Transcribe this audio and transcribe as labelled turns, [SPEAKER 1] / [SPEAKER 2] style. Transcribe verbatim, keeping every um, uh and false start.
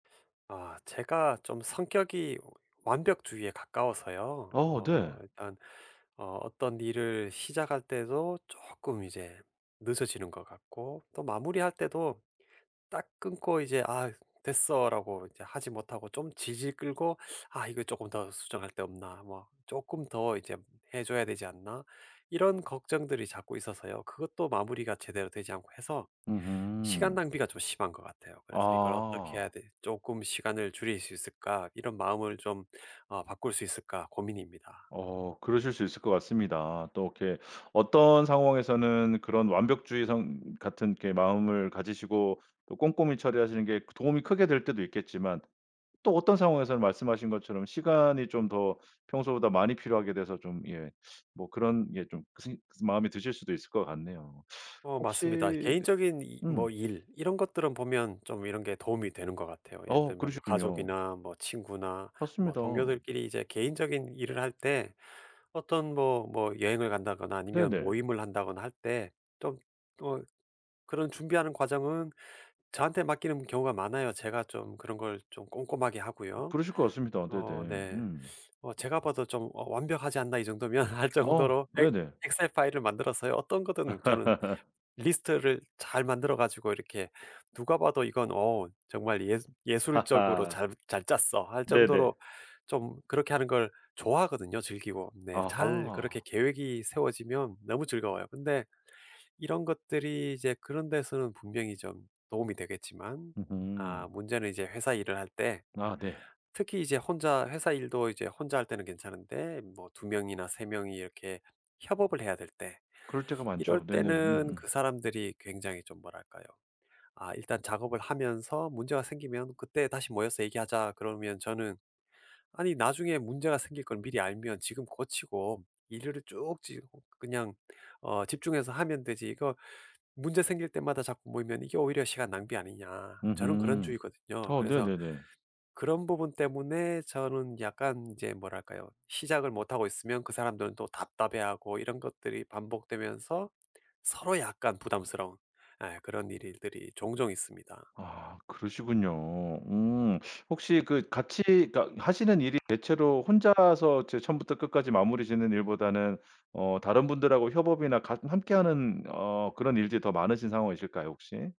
[SPEAKER 1] 아 제가 좀 성격이 오 완벽주의에 가까워서요.
[SPEAKER 2] 어
[SPEAKER 1] 어
[SPEAKER 2] 네.
[SPEAKER 1] 일단 어 어떤 일을 시작할 때도 쪼끔 이제 늦어지는 것 같고 또 마무리할 때도 딱 끊고 이제 '아 됐어.'라고 이제 하지 못하고 좀 질질 끌고 '아 이거 쪼끔 더 수정할 데 없나.' 뭐 '쪼끔 더 이제 해 줘야 되지 않나.' 이런 걱정들이 자꾸 있어서요. 그것도 마무리가 제대로 되지 않고 해서 시간
[SPEAKER 2] 음음.
[SPEAKER 1] 낭비가 좀 심한 것 같아요. 그래서 이걸 '어떻게 해야
[SPEAKER 2] 아.
[SPEAKER 1] 될 쪼끔 시간을 줄일 수 있을까 이런 마음을 좀 어 바꿀 수 있을까.' 고민입니다.
[SPEAKER 2] 어 그러실 수 있을 것 같습니다. 또 이렇게 어떤 상황에서는 그런 완벽주의성 같은 이렇게 마음을 가지시고 또 꼼꼼히 처리하시는 게 그 도움이 크게 될 때도 있겠지만 또 어떤 상황에서는 말씀하신 것처럼 시간이 좀 더 평소보다 많이 필요하게 돼서 좀 예 뭐 그런 예 좀 선생님 그 마음에 드실 수도 있을 것 같네요.
[SPEAKER 1] 어 맞습니다.
[SPEAKER 2] 혹시
[SPEAKER 1] 개인적인 이
[SPEAKER 2] 음.
[SPEAKER 1] 뭐 일 이런 것들은 보면 좀 이런 게 도움이 되는 것 같아요. 예를
[SPEAKER 2] 어
[SPEAKER 1] 들면 뭐
[SPEAKER 2] 그러시군요.
[SPEAKER 1] 가족이나 뭐 친구나 뭐
[SPEAKER 2] 맞습니다.
[SPEAKER 1] 동료들끼리 이제 개인적인 일을 할 때 어떤 뭐 뭐 여행을 간다거나 아니면
[SPEAKER 2] 네네.
[SPEAKER 1] 모임을 한다거나 할 때 좀 어 그런 준비하는 과정은 저한테 맡기는 경우가 많아요. 제가 좀 그런 걸 좀 꼼꼼하게 하고요.
[SPEAKER 2] 그러실 것 같습니다. 네네.
[SPEAKER 1] 어 네.
[SPEAKER 2] 음.
[SPEAKER 1] 어 제가 봐도 좀 어 '완벽하지 않나, 이 정도면.' 할
[SPEAKER 2] 어
[SPEAKER 1] 정도로 엑
[SPEAKER 2] 네네.
[SPEAKER 1] 엑셀 파일을 만들어서요 어떤 거든 저는 리스트를 잘 만들어 가지고 이렇게 누가 봐도 "이건 어 정말 예수 예술적으로
[SPEAKER 2] 하하.
[SPEAKER 1] 잘 잘 짰어." 할 정도로
[SPEAKER 2] 네네.
[SPEAKER 1] 좀 그렇게 하는 걸 좋아하거든요, 즐기고. 네. 잘 그렇게
[SPEAKER 2] 아하.
[SPEAKER 1] 계획이 세워지면 너무 즐거워요. 근데 이런 것들이 이제 그런 데서는 분명히 좀 도움이 되겠지만 아
[SPEAKER 2] 음흠.
[SPEAKER 1] 문제는 이제 회사 일을 할 때
[SPEAKER 2] 아 네.
[SPEAKER 1] 특히 이제 혼자 회사 일도 이제 혼자 할 때는 괜찮은데 뭐 두 명이나 세 명이 이렇게 협업을 해야 될 때
[SPEAKER 2] 그럴 때가
[SPEAKER 1] 이럴
[SPEAKER 2] 많죠. 네네.
[SPEAKER 1] 때는
[SPEAKER 2] 음음.
[SPEAKER 1] 그 사람들이 굉장히 좀 뭐랄까요. 아 "일단 작업을 하면서 문제가 생기면 그때 다시 모여서 얘기하자." 그러면 저는 "아니 나중에 문제가 생길 걸 미리 알면 지금 고치고 일을 쭉 지 그냥 어 집중해서 하면 되지 이거 문제 생길 때마다 자꾸 모이면 이게 오히려 시간 낭비 아니냐." 저는 그런
[SPEAKER 2] 음음.
[SPEAKER 1] 주의거든요.
[SPEAKER 2] 어
[SPEAKER 1] 그래서
[SPEAKER 2] 네네네.
[SPEAKER 1] 그런 부분 때문에 저는 약간 이제 뭐랄까요. 시작을 못 하고 있으면 그 사람들은 또 답답해하고 이런 것들이 반복되면서 서로 약간 부담스러운 예 그런 일이 들이 종종 있습니다.
[SPEAKER 2] 아 그러시군요. 음. 혹시 그 같이 그러니까 하시는 일이 대체로 혼자서 이제 처음부터 끝까지 마무리 짓는 일보다는 어 다른 분들 하고 협업이나 같 함께하는 어 그런 일들이 더 많으신 상황이실까요, 혹시?